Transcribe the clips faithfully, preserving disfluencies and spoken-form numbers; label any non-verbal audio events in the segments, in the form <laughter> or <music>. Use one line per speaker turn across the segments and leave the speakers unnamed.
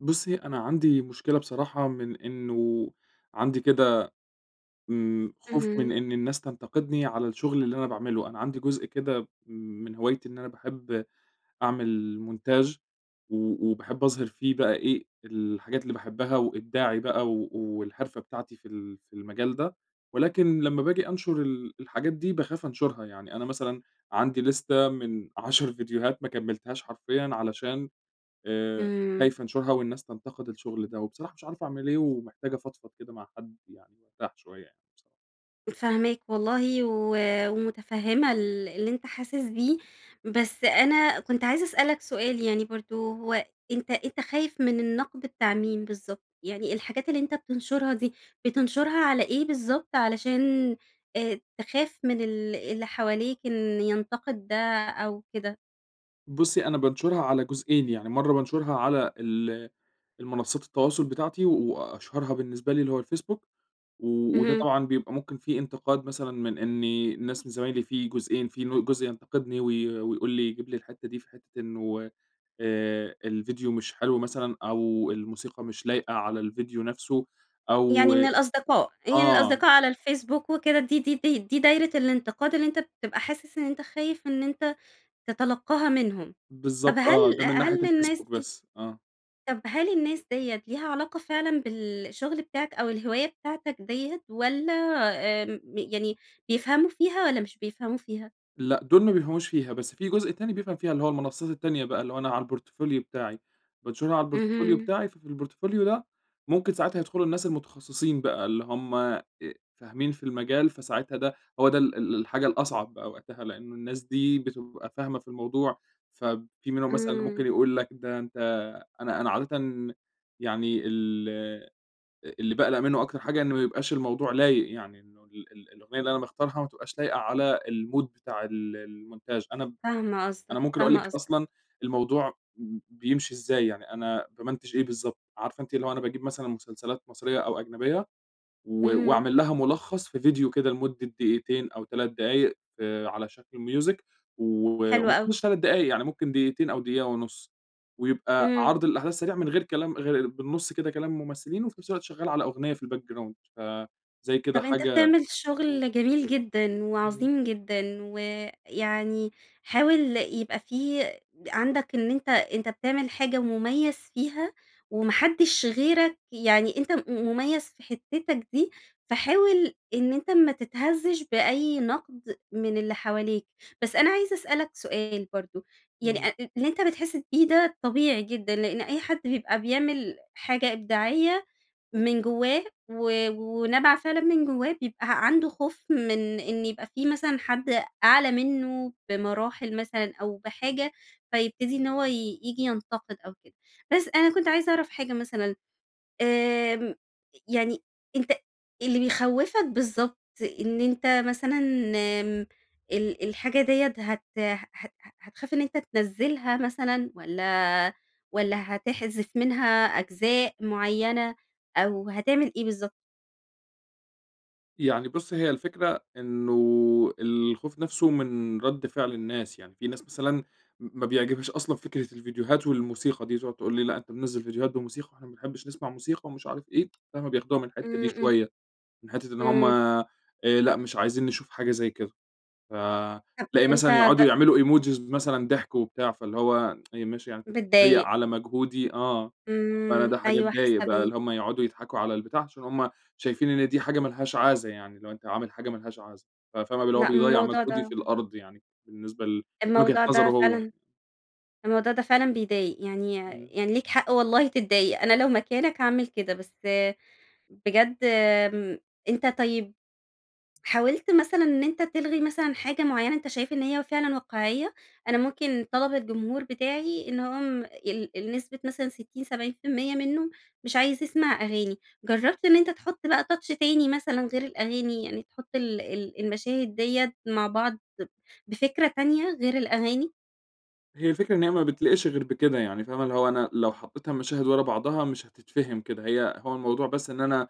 بُصي، أنا عندي مشكلة بصراحة من إنه عندي كده امم خوف من
اهم.
إن الناس تنتقدني على الشغل اللي أنا باعمله، أنا عندي جزء كده من هوايتي إن أنا باحب أعمل montage و وباحب أظهر فيه بقى إيه الحاجات اللي باحبها، وإبداعي بقى و والحرفة بتاعتي في ال في المجال ده. ولكن لما باجي أنشر ال الحاجات دي باخاف أنشرها يعني، أنا مثلًا عندي ليستة من عَشَر فيديوهات ما كملتهاش حرفيًا علشان آآ
امم.
خايف أنشرها، والناس تنتقد الشغل ده، وبصراحة مش عارف أعمل إيه؟ ومحتاج أفضفض كده مع حد يعني وأرتاح شوية يعني بصر
فاهماك والله و ومتفهمة ال اللي أنتَ حاسس بيه. بس أنا كنت عايزة أسألك سؤال يعني برضو هو أنتَ أنتَ خايف من النقد بتاع مين بالضبط؟ يعني الحاجات اللي أنتَ بتنشرها دي، بتنشرها على إيه بالضبط؟ علشان آآ تخاف من ال اللي حواليك إن ينتقد ده أو كده؟
بصي أنا بانشرها على جزئين يعني، مرّة بانشرها على ال المنصات التواصل بتاعتي، و وأشهرها بالنسبة لي اللي هو الفيسبوك. و وده
اهم.
طبعًا بيبقى ممكن في إنتقاد مثلًا من إن الناس من زمايلي في جزئين، في ن جزء ينتقدني وي ويقول لي يجيب لي الحتة دي في حتة إنه آآ الفيديو مش حلو مثلًا، أو الموسيقى مش لايقة على الفيديو نفسه أو
يعني من الأصدقاء؟ يعني
آه.
الأصدقاء على الفيسبوك وكده دي دي دي دي دايرة الانتقاد اللي أنتَ بتبقى حاسس إن أنتَ خايف إن أنتَ تتلقاها منهم؟ طب
بالضبط. آه،
هل
ده من ناحية
هل الناس
الفيسبوك
دي
بس. آه.
طب هل الناس دِيَّة ليها علاقة فعلًا بالشغل بتاعك أو الهواية بتاعتك دِيَّة؟ والَّا آمم يعني بيفهموا فيها والّا مش بيفهموا فيها؟
لأ، دول ما بيفهموش فيها، بس في جزء تاني بيفهم فيها، اللي هو المنصات التانية بقى، اللي هو أنا على الPortfolio بتاعي. بانشرها على الPortfolio
اهم.
بتاعي، ففي الPortfolio ده ممكن ساعتها يدخلوا الناس المتخصصين بقى اللي هم آآ فاهمين في المجال، فساعتها ده هو ده ال ال الحاجة الأصعب بقى وقتها؛ لأنه الناس دي بتبقى فاهمة في الموضوع، فب في منهم مثلًا اللي ممكن
امم.
يقول لك ده أنتَ أنا أنا عادةً يعني ال آآ اللي باقلق منه أكتر حاجة إنه ما يبقاش الموضوع لايق، يعني إنه ال ال الأغنية اللي أنا مختارها ما تبقاش لايقة على الmood بتاع ال الmotange أنا
فاهمة
أنا
قصدك،
ممكن أقول
فاهمة
لكِ
قصدك.
أصلًا الموضوع ب بيمشي إزاي، يعني أنا بامنتچ إيه بالضبط ،عارفة أنتِ اللي هو أنا باجيب مثلًا مسلسلات مصرية أو أجنبية، و
اهم.
وأعمل لها ملخص في فيديو كده لمدة دقيقتين أو تَلَت دقايق في على شكل music و
حلو أوي.
ومافيهوش تَلَت دقايق يعني ممكن دقيقتين أو دقيقة ونص. ويبقى
امم.
عرض الأحداث سريع من غير كلام غ بالنص كده كلام الممثلين، وفي نفس الوقت شغال على أغنية في الBackground فزي كده
طب أنتَ
حاجة
بتعمل
امم.
شغل جميل جدًا،
امم.
وعظيم جدًا ويعني حاول يبقى في عندك إن أنتَ أنتَ بتعمل حاجة مميز فيها وما حدش غيرك يعني أنتَ م مميز في حتتك دي، فحاول إن أنتَ ما تتهزش بأي نقد من اللي حواليك. بس أنا عايزة أسألك سؤال برضو، يعني
امم.
أ اللي أنتَ بتحس بيه ده طبيعي جدًا، لأن أي حد بيبقى بيعمل حاجة إبداعية من جوّاه و ونابعة فعلًا من جوّاه بيبقى عنده خوف من إن يبقى في مثلًا حد أعلى منه بمراحل مثلًا أو بحاجة، فيبتدي إن هو ي ييجي ينتقد أو كده. بس أنا كنت عايزة أعرف حاجة مثلًا آمم، يعني أنتَ اللي بيخوفك بالضبط إن أنتَ مثلًا آمم ال الحاجة دِيَّة هت هت هتخاف إن أنتَ تنزلها مثلًا واَّلا والَّا هتحذف منها أجزاء معينة، أو هتعمل إيه بالضبط؟
يعني بُصّي هي الفكرة إنّه الخوف نفسه مِن رد فعل الناس، يعني في ناس مثلًا م ما بيعجبهاش أصلًا فكرة الڤيديوهات والموسيقى دي، تقعد تقول لي: "لأ، أنتَ منزل ڤيديوهات بموسيقى، وإحنا ما بنحبش نسمع موسيقى." ومش عارف إيه، <tsk> فاهمة، بياخدوها مِن الحتّة
امم،
دي
امم.
شويّة. مِن حتّة إن هم،
امم.
آآ، "لأ، مش عايزين نشوف حاجة زي كده."
طب
فتلاقي مثلًا
أنتَ ب
يقعدوا يعملوا Emojis مثلًا ضحك وبتاع، فاللي هو <tsk> ماشي يعني أنتَ بتتريق
بتضايق.
على مجهودي آه، فأنا
امم،
ده حاجة
أيوَه
تضايق
حاسّة
بقى،
بيك.
اللي هم يقعدوا يضحكوا على البتاع، عشان هم شايفين إن دي حاجة ما لهاش عازة يعني، اللي هو أنتَ عامل حاجة ما لهاش عازة. ف فاهمة اللي هو
لأ،
بيضيع
الموضوع
مجهودي
ده
في الأرض يعني، بالنسبة ل لوجهة
الموضوع
نظره
ده
هو
فعلًا
يعني.
الموضوع ده فعلًا بيضايق. يعني
امم.
يعني ليك حق والله تتضايق، أنا لو مكانَك هاعمل كده. بس بجد آمم، أنتَ طيّب حاولت مثلًا إن أنتَ تلغي مثلًا حاجة معيّنة أنتَ شايف إن هي فعلًا واقعيّة؟ أنا ممكن طلب الجمهور بتاعي إنهم ال النسبة مثلًا ستين سبعين في المِيَّة منّه مش عايز يسمع أغاني، جرّبت إن أنتَ تحط بقى touch تاني مثلًا غير الأغاني، يعني تحط ال ال المشاهد دِيَّة مع بعض ب بفكرة تانية غير الأغاني؟
هي الفكرة إن هي ما بتليقش غير بكده يعني فاهمة؟ اللي هو أنا لو حطيتها مشاهد ورا بعضها مش هتتفهم كده. هي هو الموضوع بس إن أنا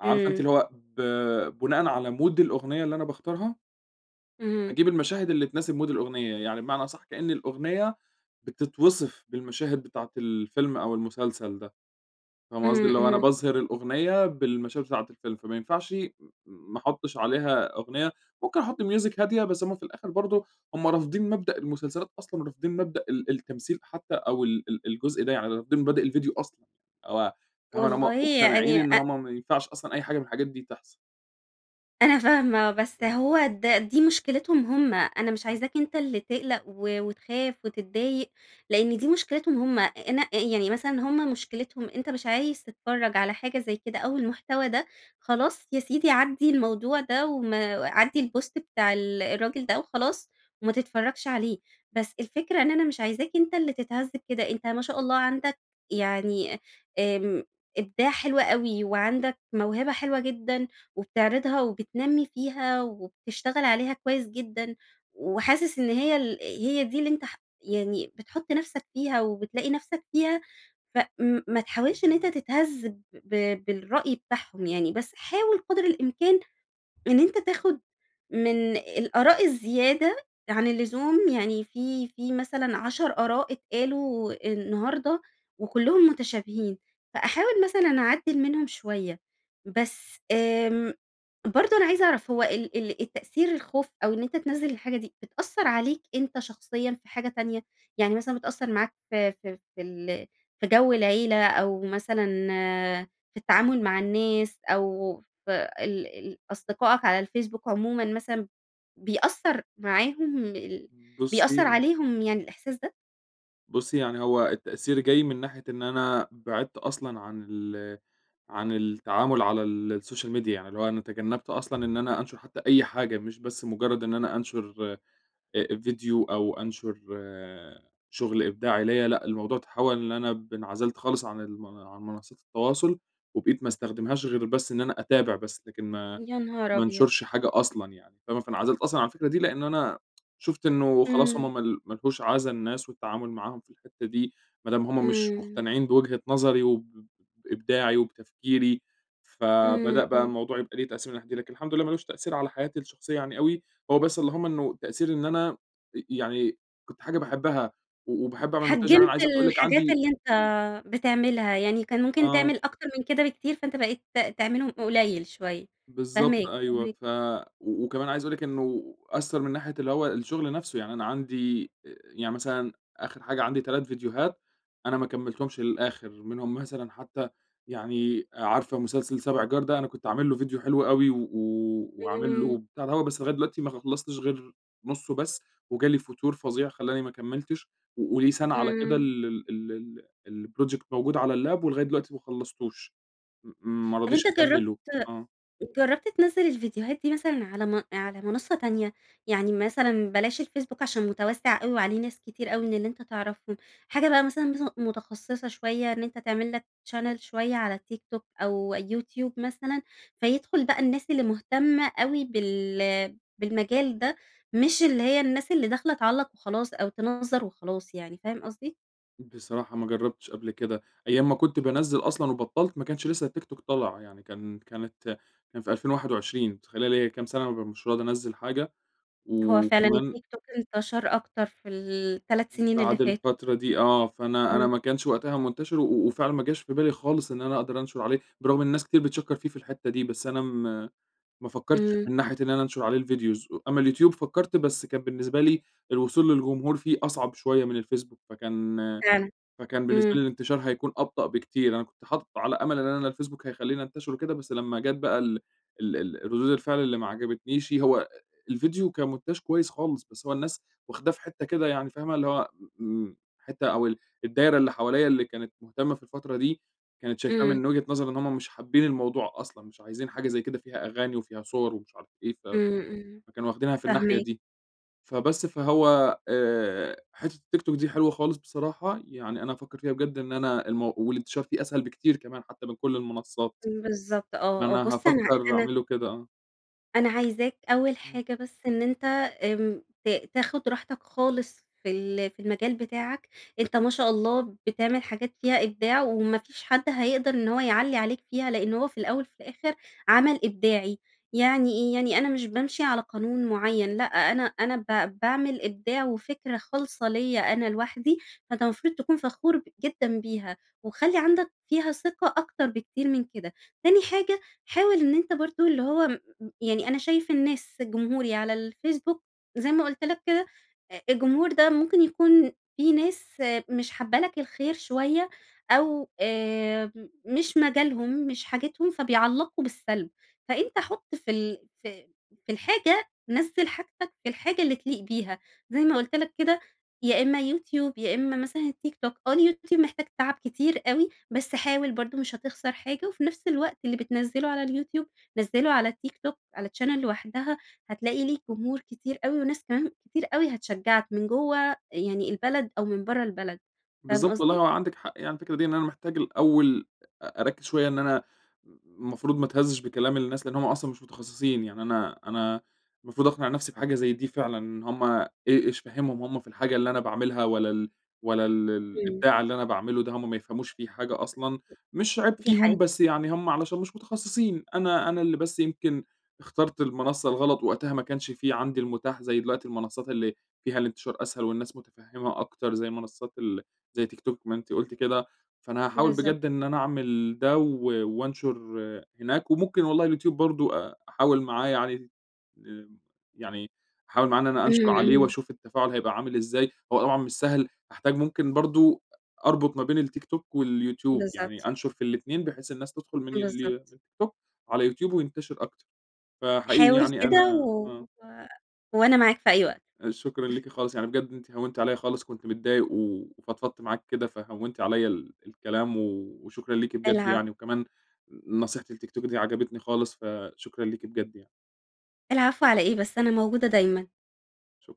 عارفة أنتِ
امم.
اللي هو ب بناءً على mood الأغنية اللي أنا باختارها
اهم.
هاجيب المشاهد اللي تناسب mood الأغنية يعني بمعنى أصح كأن الأغنية بتتوصف بالمشاهد بتاعة الفيلم أو المسلسل ده. فاهمة
اهم،
قصدي؟ اللي هو أنا
اهم.
باظهر الأغنية بالمشاهد بتاعة الفيلم، فما ينفعش م م ما أحطش عليها أغنية. ممكن أحط music هادية، بس هم في الآخر برضو هم رافضين مبدأ المسلسلات أصلًا، ورافضين مبدأ ال التمثيل حتى أو ال ال الجزء ده. يعني رافضين مبادئ الڤيديو أصلًا، أو فاهمة اللي هم
والله
مقتنعين
يعني
إن
أ
هم ما ينفعش أصلًا أي حاجة مِن الحاجات دي تحصل.
أنا فاهمة، بس
اهم.
هو ده دي مشكلتهم هم. أنا مش
اهم.
عايزاك أنتَ اللي تقلق و وتخاف وتتضايق، لأن دي مشكلتهم هم. أنا آآ يعني مثلًا هم مشكلتهم أنتَ مش عايز تتفرّج على حاجة زي كده أو المحتوى ده؟ خلاص يا سيدي عدي الموضوع ده، وما عدي الpost بتاع ال الراجل ده وخلاص وما تتفرجش عليه. بس الفكرة إن أنا مش عايزاك أنتَ اللي تتهز كده. أنتَ ما شاء الله عندك يعني أ آمم إبداع حلو أوي، وعندك موهبة حلوة جدًا، وبتعرضها وبتنمي فيها، وبتشتغل عليها كويس جدًا، وحاسس إن هي ال هي دي اللي أنتَ ح يعني بتحط نفسك فيها وبتلاقي نفسك فيها. ف م ما تحاولش إن أنتَ تتهز ب ب بالرأي بتاعهم يعني. بس حاول قدر الإمكان إن أنتَ تاخد من الآراء الزيادة عن اللزوم يعني في في مثلًا عَشَر آراء اتقالوا النهارده وكلهم متشابهين، فاحاول مثلًا أعدل منهم شوية. بس آمم، برضو أنا عايزة أعرف هو ال ال التأثير الخوف أو إن أنتَ تنزل الحاجة دي، بتأثر عليك أنتَ شخصيًا في حاجة تانية؟ يعني مثلًا بتأثر معاك في في في ال في جو العيلة، أو مثلًا في التعامل مع الناس، أو في ال ال أصدقائك على الفيسبوك عمومًا مثلًا بيأثر معاهم ال بيأثر
بُصي
عليهم يعني الإحساس ده؟
بُصي، يعني هو التأثير جاي مِن ناحية إن أنا بعدت أصلًا عن ال عن التعامل على السوشيال ميديا يعني اللي هو أنا تجنبت أصلًا إن أنا أنشر حتّى أي حاجة مش بس مجرّد إن أنا أنشر آآ ڤيديو أو أنشر شُغل إبداعي ليَّ. لأ، الموضوع تحول إن أنا ب انعزلت خالص عن المن عن منصات التواصل، وبقيت ما أستخدمهاش غير بس إن أنا أتابع بس، لكن ما
يا نهار
ما
أبيض!
انشرش حاجة أصلًا يعني، فاهمة؟ فانعزلت أصلًا عن الفكرة دي لأنّ أنا شُفت إنّه خلاص
إمم.
هُم مال ما لهوش عازة الناس والتعامل معاهم في الحتّة دي، ما دام هُم مش
إمم.
مقتنعين بوجهة نظري وب بإبداعي وبتفكيري.
إمم،
فبدأ بقى
إمم.
الموضوع يبقى ليه تأثير من الناحية دي. لكن الحمد لله ما لوش تأثير على حياتي الشخصيّة يعني أوي، هو بس اللهم إنّه التأثير إن أنا ي يعني كنت حاجة باحبّها و وباحب أعمل مونتاج،
حجّمت
عايز أقول لِك
الحاجات
عندي
اللي أنتَ بتعملها، يعني كان ممكن
آه.
تعمل أكتر من كده بكتير، فأنت بقيت ت تعملهم قليل شوية.
بالضبط
فاهماك،
أيوَه
فاهماك.
فَ وكمان عايز أقول لِك إنّه أثر مِن ناحية اللي هو الشغل نفسه، يعني أنا عندي، آآ، يعني مثلًا آخر حاجة عندي تَلت ڤيديوهات أنا ما كملتهمش للآخر، منهم مثلًا حتّى يعني عارفة مسلسل سابع جار ده؟ أنا كنت عامل له ڤيديو حلو أوي و وعامل له
إمم.
بتاع دهو، بس لغاية دلوقتي ما خلصتش غير نصه بس وجالي فتور فظيع خلّاني ما كملتش وقولي سنة على كده
إمم.
ال ال ال ال الproject موجود على اللاب ولغاية دلوقتي ما خلصتوش م ما
طب
رضيش
أنتَ جربت
أكمله. آه.
جربت تنزل الفيديوهات دي مثلًا على م على منصة تانية؟ يعني مثلًا بلاش الفيسبوك عشان مُتوَسِّع أوي وعليه ناس كتير أوي من اللي أنتَ تعرفهم. حاجة بقى مثلًا مث متخصصة شوية إن أنت تعمل لَك channel شوية على التيك توك أو يوتيوب مثلًا، فيدخل بقى الناس اللي مهتمة أوي بال بالمجال ده، مش اللي هي الناس اللي داخلة تعلَّق وخلاص أو تِنَظَّر وخلاص يعني. فاهم قصدي؟
بصراحة ما جربتش قبل كده، أيّام ما كنت بانزِّل أصلًا وبطّلت ما كنش لسّه التيك توك طلع. يعني كان كانت كان في ألفين واحد وعشرين متخيلة ليا كام سنة مش راضي أنزل حاجة!
هو فعلًا
وكمان
التيك توك انتشر أكتر في التلات
م
سنين اللي
بعد
فاتوا.
الفترة دي آه، فأنا أنا
إمم.
ما كنش وقتها منتشر، و وفعلًا ما جاش في بالي خالص إن أنا أقدر أنشر عليه، برغم إن الناس كتير بتشكر فيه في الحتّة دي، بس أنا م ما فكرتش
إمم.
مِن ناحية إن أنا أنشر عليه الvideos. أمّا اليوتيوب فكرت بس كان بالنسبة لي الوصول للجمهور فيه أصعب شويّة مِن الفيسبوك فكان
فعلًا،
فكان بالنسبة لي
امم.
الإنتشار هيكون أبطأ بكتير. أنا كنت حاطه على أمل إن الفيسبوك هيخليني انتشر وكده، بس لمّا جات بقى ال ال ال الردود الفعل اللي ما عجبتنيشِ، هو أ الفيديو كمونتاج كويّس خالص، بس هو الناس واخداه في حتّة كده يعني فاهمة، اللي هو م م حتّة أو ال الدايرة اللي حواليَّ اللي كانت مهتمة في الفترة دي، كانت شايفاه
إمم
مِن وجهة نظر إن هم مش حابين الموضوع أصلًا، مش عايزين حاجة زي كده فيها أغاني وفيها صور ومش عارف إيه. فَ
امم امم،
فكانوا واخدينها في الناحية
فاهماك.
دي. فبس، فهو، آآ، حتّة التيك توك دي حلوة خالص بصراحة، يعني أنا هافكّر فيها بجد إن أنا المو والانتشار فيه أسهل بكتير كمان حتّى مِن كل المنصات.
امم بالضبط. آه، آه.
أنا
بُص أنا
هافكر
أنا
أعمله كده، آه.
أنا عايزاكَ أول
امم.
حاجة بس إن أنتَ آمم ت تاخد راحتك خالص في ال في المجال بتاعك. أنتَ ما شاء الله بتعمل حاجات فيها إبداع وما فيش حد هيقدر إن هو يعلّي عليك فيها، لأن هو في الأول وفي الآخر عمل إبداعي. يعني ايه؟ يعني أنا مش بامشي على قانون معين لأ، أنا أنا ب باعمل إبداع وفكرة خالصة ليّا أنا لوحدي. فأنتَ المفروض تكون فخور ب جدًا بيها. وخلِّ عندك فيها ثقة أكتر بكتير من كده. تاني حاجة، حاول إن أنتَ برضو اللي هو م م يعني أنا شايف الناس جمهوري على الفيسبوك- زي ما قلت لك- كده آآ الجمهور ده ممكن يكون في ناس مش حابة لك الخير شوية أو آآ مش مجالهم، مش حاجتهم، فبيعلقوا بالسلب. فأنتَ حط في ال في في الحاجة، نزل حاجتك في الحاجة اللي تليق بيها، زي ما قلت لكَ كده يا إما يوتيوب، يا إما مثلًا التيك توك، آه اليوتيوب محتاج تعب كتير أوي، بس حاول برضو مش هتخسر حاجة. وفي نفس الوقت اللي بتنزله على اليوتيوب، نزله على التيك توك على channel لوحدها هتلاقي ليك جمهور كتير أوي، وناس كمان كتير أوي هتشجعك من جوّه يعني البلد أو من برّه البلد. فاهم
بالضبط والله
قصدي؟
هو عندِك حق يعني الفكرة دي، إن أنا محتاج الأول أ أركز شوية إن أنا م المفروض ما اتهزش بكلام الناس لأن هم أصلًا مش متخصصين. يعني أنا أنا المفروض أقنع نفسي بحاجة زي دي فعلًا، إن هم إي إيش فهمهم هم في الحاجة اللي أنا باعملها، والّا ال والّا ال
امم.
الإبداع اللي أنا باعمله ده هم ما يفهموش فيه حاجة أصلًا. مش عيب
دي
فيهم،
حقي
بس يعني هم علشان مش متخصصين. أنا أنا اللي بس يمكن اخترت المنصة الغلط، وقتها ما كانش في عندي المتاح زي دلوقتي المنصات اللي فيها الانتشار أسهل والناس متفهمة أكتر، زي منصات ال زي تيك توك ما أنتِ قلتِ كده. فأنا هاحاول
بالضب
بجد إن أنا أعمل ده و وأنشر هناك، وممكن والله اليوتيوب برضو أ أحاول معاه يعني آمم يعني أحاول معاه إن أنا أنشر
امم،
عليه
امم.
وأشوف التفاعل هيبقى عامل إزاي، هو <unintelligible> مش سهل، هاحتاج ممكن برضو أ أربط ما بين التيك توك واليوتيوب،
بالضبط.
يعني أنشر في الاتنين بحيث الناس تدخل من
بالضبط.
التيك توك على اليوتيوب وينتشر أكتر، فحقيقي
حاول
يعني
كده
أنا
و
آه.
وأنا معاك في أي وقت.
آآ شكرًا ليكِ خالص، يعني بجد أنتِ هونتِ عليَّ خالص كنت متضايق، وفضفضت معاكِ كده، فهونتِ عليَّ ال الكلام و وشكرًا ليكِ بجد
العفو.
يعني وكمان ن نصيحة التيك توك دي عجبتني خالص فشكرًا ليكِ بجد يعني.
العفو على إيه بس؟ أنا موجودة دايماً.
شُكر